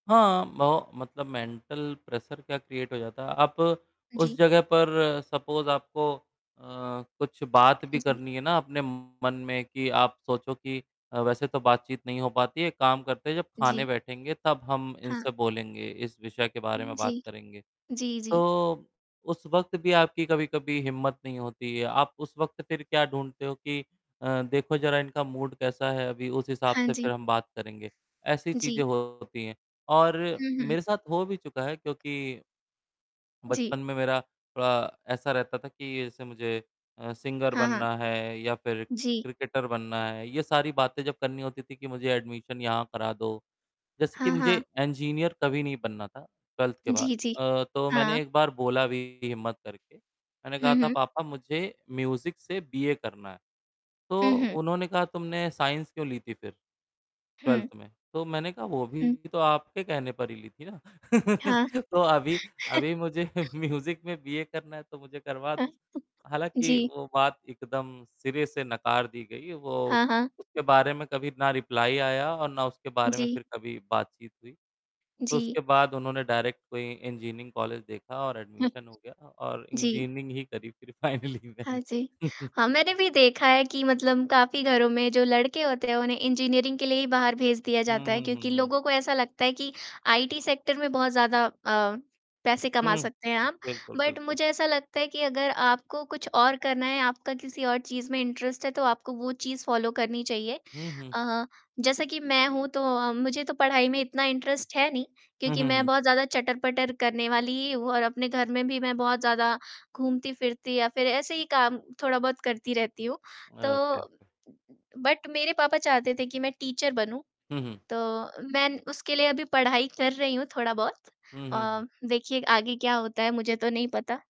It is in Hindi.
हाँ, म मतलब मेंटल प्रेशर क्या क्रिएट हो जाता है। आप उस जी। जगह पर सपोज़ आपको अ, कुछ बात हाँ भी जी। करनी है ना अपने मन में कि आप सोचो कि अ, वैसे तो बातचीत नहीं हो पाती है। एक काम करते हैं जब खाने जी। बैठेंगे तब हम हाँ। इनसे बोलेंगे। इस विषय के उ, बारे में जी। बात करेंगे। जी, जी। तो उस वक़्त भी आपकी कभी-कभी हिम्मत नहीं होती है। आप उस वक़्त फिर क्या ढूँढते हो कि देखो ज़रा इनका मूड कैसा है अभी उस हिसाब हाँ से फिर जी। हम बात करेंगे। ऐसी चीज़ें जी। होती हैं और हुँ, हुँ। मेरे साथ हो भी चुका है क्योंकि बचपन जी। में मेरा थोड़ा ऐसा रहता था कि जैसे मुझे अ, सिंगर हाँ, हाँ। बनना है या फिर जी। क्रिकेटर बनना है। ये सारी बातें जब करनी होती थी कि मुझे एडमिशन यहाँ करा दो। जैसे कि हाँ, मुझे हाँ। इंजीनियर कभी नहीं बनना था, 12th के बाद। जी, जी। अ, तो मैंने हाँ। एक बार बोला भी हिम्मत करके। मैंने कहा हुँ, था, हुँ। "पापा मुझे म्यूज़िक से बी. ए करना है।" हुँ, तो हुँ। उन्होंने कहा, "तुमने साइंस क्यों ली थी फिर? हुँ। 12th में।" तो मैंने कहा, "वो भी हुँ। तो आपके कहने पर ही ली थी ना।" हाँ। तो अभी, अभी मुझे म्यूज़िक में बी. ए करना है तो मुझे करवा दो। हालाँकि जी। वो बात एकदम सिरे से नकार दी गयी। वो हाँ, हाँ। उसके बारे में कभी ना रिप्लाई आया और ना उसके बारे में जी। फिर कभी बातचीत हुई। तो उसके जी। बाद उन्होंने डायरेक्ट कोई इंजीनियरिंग कॉलेज देखा और [unintelligible] एडमिशन हो गया था और जी। इंजीनियरिंग ही करी फिर फाइनली हाँ मैंने। जी। हाँ, मैंने भी देखा है कि मतलब काफ़ी घरों में जो लड़के होते हैं उन्हें इंजीनियरिंग के लिए ही बाहर भेज दिया हुँ, जाता है हुँ, हुँ, क्योंकि हुँ। लोगों को ऐसा लगता है कि आईटी सेक्टर में बहुत ज़्यादा अ, पैसे कमा हुँ। सकते हैं आप। बिल्कुल, बट बिल्कुल। मुझे ऐसा लगता है कि अगर आपको कुछ और करना है आपका किसी और चीज़ में इंटरेस्ट है तो आपको वो चीज़ फॉलो करनी चाहिए। हुँ, हुँ। जैसा कि मैं हूँ तो अ, मुझे तो पढ़ाई में इतना इंटरेस्ट है नहीं हुँ, क्योंकि हुँ, मैं हुँ। बहुत ज़्यादा चटर-पटर करने वाली ही हूँ और अपने घर में भी मैं बहुत ज़्यादा घूमती-फिरती या फिर ऐसे ही काम थोड़ा बहुत करती रहती हूँ तो ओके, उ ओके। उ बट मेरे पापा चाहते थे कि मैं टीचर बनूँ। हुँ, हुँ। तो मैं न उसके लिए अभी पढ़ाई कर रही हूँ थोड़ा-बहुत। हुँ, हुँ, अ, हुँ। देखिए आगे क्या होता है मुझे तो नहीं पता।